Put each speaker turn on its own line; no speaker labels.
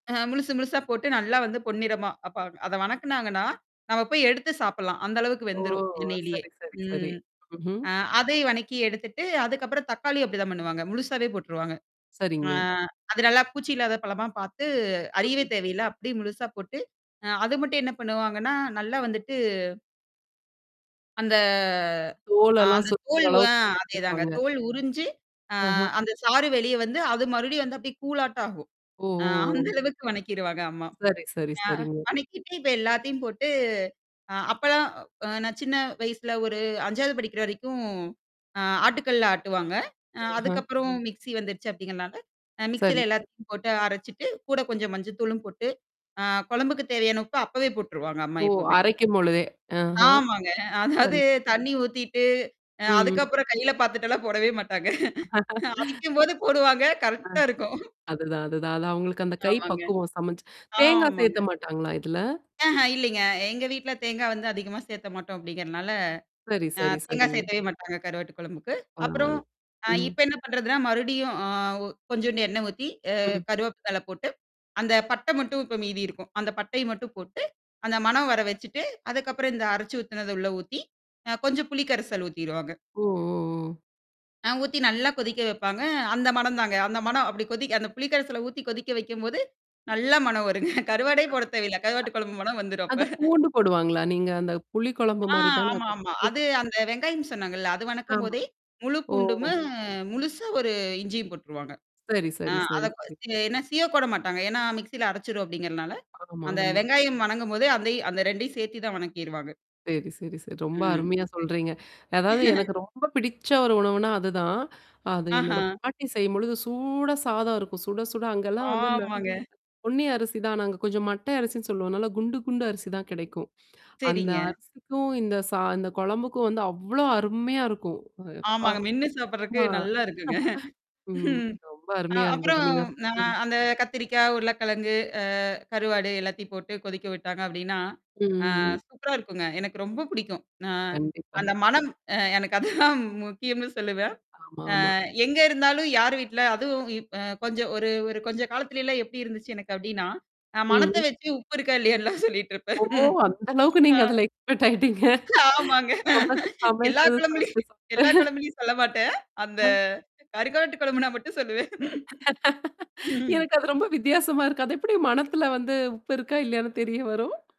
அ, முழுசு, முழுசா போட்டு நல்லா வந்து பொன்னிறமா வப்பாங்க. அத வணக்குனாங்கன்னா, நம்ம போய் எடுத்து சாப்பிடலாம். அந்த அளவுக்கு
ஓ!
வெந்துரும், எண்ணெயிலேயே.
சரி, சரி, சரி.
ம்.
ம்ஹ்ம்.
அ அதை வணக்கி எடுத்துட்டு, அதுக்கப்புறம் தக்காளி அப்டிதான் பண்ணுவாங்க, முழுசாவே போட்டுருவாங்க. அ,
சரிங்க.
அது நல்லா பூச்சி இல்லாத பழமா பார்த்து அறியவே
[unintelligible]
தேவையில்ல. அப்டியே முழுசா போட்டு அ அது மட்டும் என்ன பண்ணுவாங்கன்னா, நல்லா வந்துட்டு அந்த அ
தோழலாம்
அந்த தோல் அ
சுத்துரளவுக்கு
அதேதாங்க.
வச்சுப்பாங்க.
தோல் உறிஞ்சு, அ
ஆஹம்.
அந்த சாறு வெளிய வந்து அது மறுபடியும் வந்து அபடியே கூழாட்ட ஆகும்.
ஒ,
அ
ஒ,
அந்த
ஓ.
அளவுக்கு வணக்கிருவாங்க அம்மா.
சரி, சரி,
ஆ
சரிங்க.
வணக்கிட்டு இப்ப எல்லாத்தையும் போட்டு அ அப்பலாம் அ நான் சின்ன வயசுல ஒரு 5ஆது படிக்கிற வரைக்கும். அ ஆட்டுக்கல்லல ஆட்டுவாங்க. அ
ம்ஹ்ம்.
அதுக்கப்புறம் மிக்ஸி வந்துருச்சு அப்டிங்கிறனால, அ
சரி.
மிக்ஸில
ச
எல்லாத்தையும் போட்டு அரைச்சுட்டு, கூட கொஞ்சம் மஞ்சள் தூளும் போட்டு, ஆ குழம்புக்கு தேவையான உப்ப அப்பவே போட்டுருவாங்க அம்மா
ஓ!
எப்போமே.
அரைக்கும் பொழுதே, ஆஹ.
ஆமாங்க. அதாவது
சரி.
தண்ணீ ஊத்திட்டு, அ
ம்.
அதுக்கப்புறம் கையில பார்த்துட்டெல்லாம் போடவே மாட்டாங்க. அவிக்கும்போது போடுவாங்க,
ஆ.
கரெக்ட்டா இருக்கும்
அதுதான், அதுதான். அது அவங்களுக்கு அந்த கை
ஆமாங்க.
பக்குவம் சமைச்சு தேங்காய் சேர்க்க
ஆமாங்க.
மாட்டாங்களா இதுல?
ஆஹ இல்லைங்க. எங்க வீட்ல தேங்கா வந்து அதிகமா சேர்க்க மாட்டோம் அப்டிங்கிறனால.
சரி,
அ
சரி,
தேங்காய்
சரிங்க.
சேர்க்கவே மாட்டாங்க கருவாட்டு குழம்புக்கு. அப்புறம்,
பரவால்ல,
அ
ம்.
இப்ப என்ன பண்றதுன்னா, மறுபடியும் அ ஒ கொஞ்சோண்டு எண்ணெய் ஊத்தி, அ
ம்.
கறிவேப்பிலை போட்டு அந்த பட்ட மட்டும் இப்ப மீதி இருக்கும். அந்த பட்டைய மட்டும் போட்டு, அந்த மணம் வர வச்சுட்டு, அதுக்கப்புறம் இந்த அரைச்சு ஊத்துனத உள்ள ஊத்தி, அ கொஞ்சம் புளி கரைசல் ஊத்திருவாங்க.
ஓ! ஓ! ஓ!
ஆ ஊத்தி நல்லா கொதிக்க வைப்பாங்க. அந்த மணம் தாங்க. அந்த மணம் அப்டி கொதி அந்த புளிக்கரல்ல ஊத்தி கொதிக்க வைக்கும்போது, நல்லா மனம் வருங்க.
அ
கருவாடே
அத்
போட தேவையில்ல. கருவாட்டு குழம்பு மனம் வந்துரும்
அது
அப்ப.
பூண்டு போடுவாங்களா? நீங்க அந்த புளி குழம்பு
ஆ
மாரி தானே
ஆமா,
அத [unintelligible]
ஆமா. அது அந்த வெங்காயம் சொன்னாங்கல்ல. அது
ஆமா.
வணக்கும்போதே, முழு
ஓ!
பூண்டு மு முழுசு ஒரு இஞ்சியும் போட்டுருவாங்க.
சரி,
ஆ
சரி,
அத
சரி, சரி.
ச என்னா சீவ கூட மாட்டாங்க. ஏன்னா மிக்ஸியில அரைச்சுரும் அப்டிங்கிறதுனால,
ஆமா,
அந்த
ஆமா.
வெங்காயம் வணங்கும்போது அந்தயும் அந்த 2யும் சேர்த்து தான் வணக்கிருவாங்க.
சரி, சரி, சரி. ரொம்ப
ம்.
அருமையா சொல்றீங்க. அதாவது எனக்கு ரொம்ப பிடிச்ச ஒரு உணவுனா அதுதான். அது
ஆஹா.
என்னோட பாட்டி செய்யும்பொழுது சூடா சாதம் இருக்கும். சுட, சுட அங்கலாம் வந்து இந்த,
ஆமாங்க.
பொன்னி அரிசி தான் நாங்க கொஞ்சம் மட்டை அரிசின்னு சொல்லுவோம்னால குண்டு, குண்டு அரிசி தான் கிடைக்கும். அந்த
சரிங்க.
அரிசிக்கும் இந்த சா இந்த குழம்புக்கும் வந்து அவ்ளோ அருமையா இருக்கும். அப்பா!
ஆமாங்க. மென்னு சாப்படுறக்கு
ஆ.
நல்லா இருக்குங்க.
ம். ரொம்ப
அ
அருமையா இருந்தது
அப்புறம்
நீங்க
அ
ம்.
அந்த கத்திரிக்காய், உருளைக்கிழங்கு, அ கருவாடு எல்லாத்தையும் போட்டு கொதிக்க விட்டாங்க அப்டின்னா,
ம்.
ஆ
ம். ம்.
சூப்பரா இருக்குங்க. எனக்கு ரொம்ப பிடிக்கும். நான்
கண்டிப்பா.
அந்த மனம் அ எனக்கு அதுதான் முக்கியம்னு சொல்லுவேன். அ
ஆமாமா.
எங்க இருந்தாலும், யார் வீட்ல அதுவும் இ அ கொஞ்சம் ஒரு ஒரு கொஞ்ச காலத்திலல்லாம் எப்டி இருந்துச்சு எனக்கு அப்டின்னா? நான் மணத்த
ம்.
வச்சு உப்பு இருக்கா? இல்லையான்ன்லாம் சொல்லிட்டு இருப்பேன்.
ஓ! அந்த அளவுக்கு
ஆ.
நீங்க அதல எக்ஸ்பெர்ட் ஆயிட்டீங்க.
ஆமாங்க.
சமச்
எல்லா
சமச்சது சாப்பட்டு
குழம்புலயும் எல்லா
சாப்பட்டு.
குழம்புலயும் சொல்ல மாட்டேன். அந்த
ம்.
கருவாட்டு குழம்புனா மட்டும் சொல்லுவேன். ம்.
எனக்கு அது ரொம்ப வித்தியாசமா இருக்கு. அது எப்டி மனத்துல வந்து உப்பு இருக்கா? இல்லையானு தெரிய வரும்?